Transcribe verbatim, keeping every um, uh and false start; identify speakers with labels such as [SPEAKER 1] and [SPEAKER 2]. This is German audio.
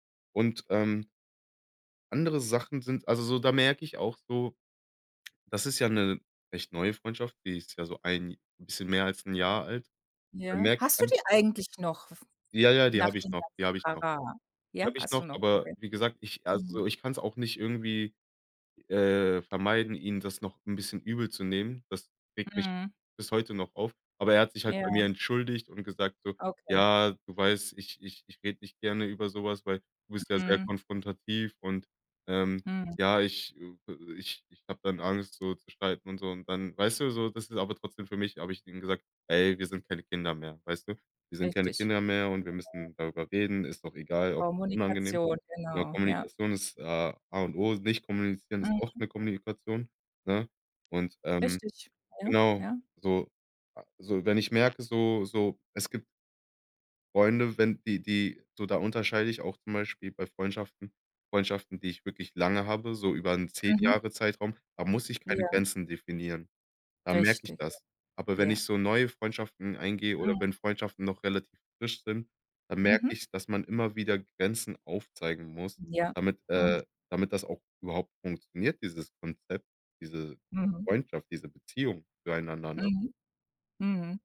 [SPEAKER 1] Und, ähm andere Sachen sind also so, da merke ich auch so das ist ja 'ne recht neue Freundschaft, die ist ja so ein bisschen mehr als Jahr alt. Da
[SPEAKER 2] Ja.
[SPEAKER 1] merke ich
[SPEAKER 2] Hast du
[SPEAKER 1] einfach
[SPEAKER 2] die eigentlich noch f
[SPEAKER 1] Ja, ja, die
[SPEAKER 2] nach
[SPEAKER 1] habe ich
[SPEAKER 2] dem
[SPEAKER 1] noch, die habe ich
[SPEAKER 2] ganzen
[SPEAKER 1] noch,
[SPEAKER 2] Trara? Ja,
[SPEAKER 1] habe ich
[SPEAKER 2] hast
[SPEAKER 1] noch.
[SPEAKER 2] du noch?
[SPEAKER 1] Aber
[SPEAKER 2] Okay.
[SPEAKER 1] wie gesagt, ich also
[SPEAKER 2] Mhm.
[SPEAKER 1] so ich kann's auch nicht irgendwie, äh, vermeiden, ihn das noch 'n bisschen übel zu nehmen. Das regt mich
[SPEAKER 2] Mhm.
[SPEAKER 1] bis heute noch auf. Aber er hat sich halt bei
[SPEAKER 2] Ja.
[SPEAKER 1] mir entschuldigt und gesagt so:
[SPEAKER 2] Okay.
[SPEAKER 1] „Ja, du weißt, ich ich ich rede nicht gerne über so was, weil du bist ja schwer
[SPEAKER 2] Mhm.
[SPEAKER 1] konfrontativ und, ähm,
[SPEAKER 2] Mhm.
[SPEAKER 1] ja, ich ich ich habe dann Angst, so zu streiten und so.“ Und dann weißt du, so? Das ist aber trotzdem für mich habe ich ihm gesagt: „Hey, wir sind keine Kinder mehr“, weißt du? Wir sind keine
[SPEAKER 2] Richtig.
[SPEAKER 1] Kinder mehr und wir müssen darüber reden, ist doch egal, auch unangenehm.
[SPEAKER 2] Kommunikation,
[SPEAKER 1] Aber
[SPEAKER 2] genau, ja.
[SPEAKER 1] Kommunikation ist A A und O, nicht kommunizieren ist auch
[SPEAKER 2] Richtig,
[SPEAKER 1] eine Kommunikation, ne?“ Und, ähm,
[SPEAKER 2] Richtig. Ja,
[SPEAKER 1] genau,
[SPEAKER 2] ja. Ja.
[SPEAKER 1] so so, wenn ich merke, so so, es gibt Freunde, wenn die die so, da unterscheide ich auch zum Beispiel bei Freundschaften. Freundschaften, die ich wirklich lange habe, so über 'n zehn
[SPEAKER 2] Mhm.
[SPEAKER 1] Jahre-Zeitraum, da muss ich keine
[SPEAKER 2] Ja.
[SPEAKER 1] Grenzen definieren. Da merke ich
[SPEAKER 2] Richtig,
[SPEAKER 1] das. Aber wenn
[SPEAKER 2] ja.
[SPEAKER 1] ich so neue Freundschaften eingehe oder
[SPEAKER 2] Mhm.
[SPEAKER 1] wenn Freundschaften noch relativ frisch sind, dann merke
[SPEAKER 2] Mhm.
[SPEAKER 1] ich, dass man immer wieder Grenzen aufzeigen muss,
[SPEAKER 2] Ja.
[SPEAKER 1] damit
[SPEAKER 2] Mhm.
[SPEAKER 1] äh, damit das auch überhaupt funktioniert, dieses Konzept, diese
[SPEAKER 2] Mhm.
[SPEAKER 1] Freundschaft, diese Beziehung füreinander, ne?
[SPEAKER 2] Mhm. Mhm.